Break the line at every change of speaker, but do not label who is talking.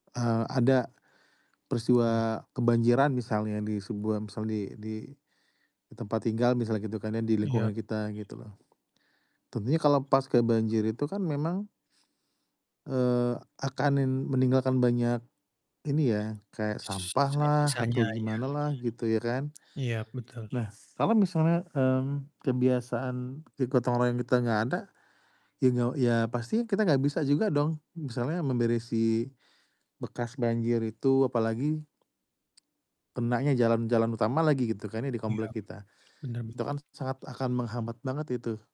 Eee, ada
Iya.
peristiwa kebanjiran misalnya di sebuah misal di di, di tempat tinggal misalnya gitu kan ya, di
Iya.
lingkungan kita gitu loh. Tentunya kalo paska banjir itu kan memang eee, akan nin meninggalkan banyak ini ya, kayak
S
sampah lah atau
sisa-sisanya iya.
gimana lah gitu ya kan.
Iya betul.
Nah kalo misalnya, mmm, kebiasaan, e gotong royong kita gak ada, ya gak ya pasti kita gak bisa juga dong misalnya memberisi bekas banjir itu apalagi kenanya jalan-jalan utama lagi gitu kan ya di
Iya
komplek kita.
bener bener.
Itu akan sangat akan menghambat banget itu.